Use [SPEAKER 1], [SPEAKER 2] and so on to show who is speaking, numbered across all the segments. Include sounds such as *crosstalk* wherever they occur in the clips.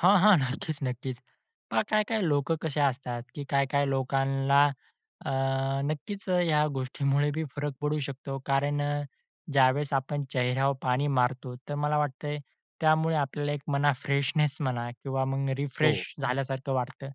[SPEAKER 1] हां, हां. नक्कीच, नक्कीच. पहा काय-काय लोकं कसे असतात की काय काय लोकांना अ, नक्कीच अ, या गोष्टीमुळे बी फरक पडू शकतो कारण अ, ज्यावेळेस आपण चेहऱ्यावर पाणी मारतो, तर मला वाटतंय त्यामुळे आपल्याला एक म्हणा, फ्रेशनेस म्हणा किंवा मग रिफ्रेश
[SPEAKER 2] हो.
[SPEAKER 1] झाल्यासारखं वाटतं.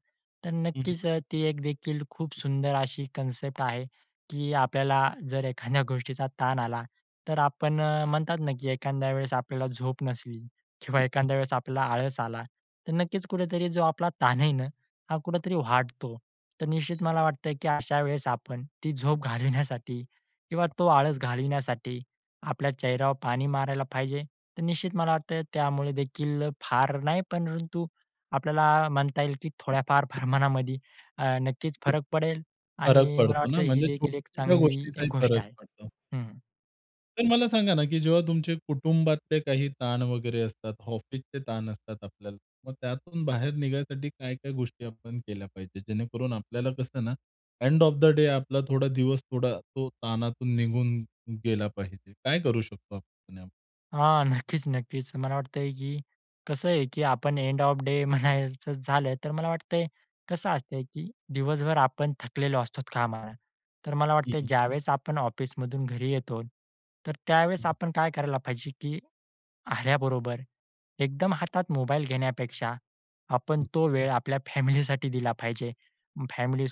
[SPEAKER 1] तर
[SPEAKER 2] हं, हं.
[SPEAKER 1] नक्कीच अ, ती एक देखील खूप सुंदर अशी कन्सेप्ट आहे की आपल्याला जर एखाद्या गोष्टीचा ताण आला, तर आपण अ, म्हणतात ना की एखाद्या वेळेस आपल्याला झोप नसली किंवा
[SPEAKER 2] हं.
[SPEAKER 1] एखाद्या वेळेस आपल्याला आळस आला, तर नक्कीच कुठेतरी जो आपला ताण आहे ना हा कुठेतरी वाढतो. तर निश्चित मला वाटतं की अशा वेळेस आपण ती झोप घालवण्यासाठी किंवा तो आळस घालविण्यासाठी आपल्या चेहऱ्यावर पाणी मारायला पाहिजे. तर निश्चित मला वाटतं त्यामुळेदेखील फार नाही, परंतु आपल्याला म्हणता येईल की थोड्याफार प्रमाणामध्ये अ, नक्कीच
[SPEAKER 2] ते.
[SPEAKER 1] फरक पडेल
[SPEAKER 2] फरक
[SPEAKER 1] आणि मला
[SPEAKER 2] पडतो ना?
[SPEAKER 1] वाटतं ही
[SPEAKER 2] म्हणजे
[SPEAKER 1] देखील एक
[SPEAKER 2] छोट्या-छोट्या
[SPEAKER 1] चांगली
[SPEAKER 2] गोष्टींचाही
[SPEAKER 1] गोष्ट
[SPEAKER 2] फरक
[SPEAKER 1] आहे.
[SPEAKER 2] पडतो.
[SPEAKER 1] हं.
[SPEAKER 2] तर मला सांगा ना की जेव्हा तुमचे कुटुंबातले काही ताण वगैरे असतात, ऑफिसचे ताण असतात आपल्याला. मग त्यातून बाहेर निघायसाठी काय-काय गोष्टी आपण केल्या पाहिजेत. जेणेकरून आपल्याला कसं ना, एंड ऑफ द डे आपला थोडा दिवस थोडा तो ताणातून निघून गेला पाहिजे? काय करू शकतो आपण?
[SPEAKER 1] हां. नक्कीच, नक्कीच. मला वाटतंय की कसं आहे की आपण एंड ऑफ द डे म्हणायचं झालं, तर मला वाटतंय कसं असतंय की दिवसभर आपण थकलेलो असतो कामाला. तर मला
[SPEAKER 2] हं,
[SPEAKER 1] वाटतय
[SPEAKER 2] हं.
[SPEAKER 1] ज्यावेळेस आपण ऑफिसमधून घरी येतो, तर त्यावेळेस
[SPEAKER 2] हं, हं.
[SPEAKER 1] आपण काय करायला पाहिजे, की आल्याबरोबर एकदम हातात मोबाईल घेण्यापेक्षा आपण
[SPEAKER 2] हं.
[SPEAKER 1] तो वेळ आपल्या फॅमिलीसाठी दिला पाहिजे.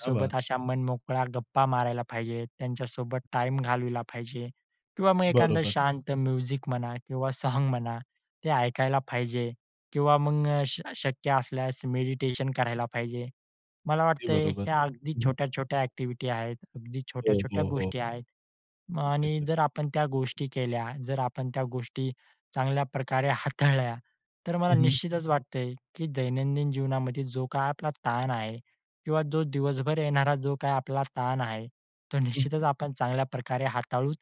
[SPEAKER 2] क्या बात!
[SPEAKER 1] अशा मनमोकळा गप्पा मारायला पाहिजे. त्यांच्यासोबत टाईम घालवला पाहिजे किंवा मग एखादं
[SPEAKER 2] बरोबर.
[SPEAKER 1] शांत म्युझिक म्हणा किंवा सॉन्ग म्हणा ते ऐकायला पाहिजे किंवा मग श शक्य असल्यास मेडिटेशन करायला पाहिजे. मला
[SPEAKER 2] अगदी
[SPEAKER 1] वाटतंय
[SPEAKER 2] बरोबर.
[SPEAKER 1] हे अगदी
[SPEAKER 2] हं, हं.
[SPEAKER 1] छोट्या-छोट्या ॲक्टिव्हिटी आहेत. अगदी
[SPEAKER 2] हो,
[SPEAKER 1] छोट्या-छोट्या
[SPEAKER 2] हो, हो.
[SPEAKER 1] गोष्टी आहेत
[SPEAKER 2] अगदी
[SPEAKER 1] आणि
[SPEAKER 2] खरं.
[SPEAKER 1] जर आपण त्या गोष्टी केल्या, जर आपण त्या गोष्टी चांगल्या प्रकारे हाताळल्या, तर मला
[SPEAKER 2] हं, हं.
[SPEAKER 1] निश्चितच वाटतंय की दैनंदिन जीवनामध्ये जो काही आपला ताण आहे किंवा जो दिवसभर येणारा जो काही आपला ताण आहे, तो
[SPEAKER 2] हं, हं.
[SPEAKER 1] निश्चितच आपण चांगल्याप्रकारे हाताळू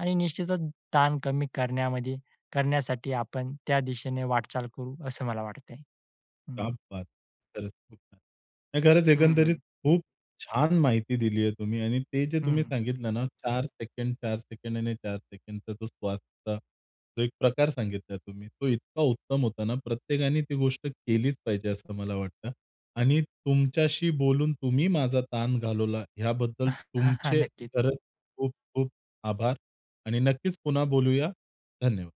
[SPEAKER 1] आणि निश्चितच ताण कमी करण्यामध्ये करण्यासाठी आपण त्या दिशेने वाटचाल करू असं मला वाटतंय.
[SPEAKER 2] क्या
[SPEAKER 1] हं.
[SPEAKER 2] बात! खरंच खूप छान. नाही खरंच
[SPEAKER 1] हं,
[SPEAKER 2] एकंदरीत
[SPEAKER 1] हं.
[SPEAKER 2] खूप छान माहिती दिली आहे तुम्ही आणि ते जे
[SPEAKER 1] हं,
[SPEAKER 2] तुम्ही
[SPEAKER 1] हं.
[SPEAKER 2] सांगितलं ना 4 सेकंद, 4 सेकंद, आणि 4 सेकंदचा तो श्वास होता जो एक प्रकार सांगितला तुम्ही तो इतका उत्तम होता ना, प्रत्येकाने ती गोष्ट केलीच पाहिजे असं मला वाटतं आणि तुमच्याशी बोलून तुम्ही माझा ताण घालवला, याबद्दल
[SPEAKER 1] *chuckles* हां, हां.
[SPEAKER 2] तुमचे
[SPEAKER 1] नक्कीच.
[SPEAKER 2] खरंच खूप खूप आभार आणि नक्कीच पुन्हा बोलूया. धन्यवाद.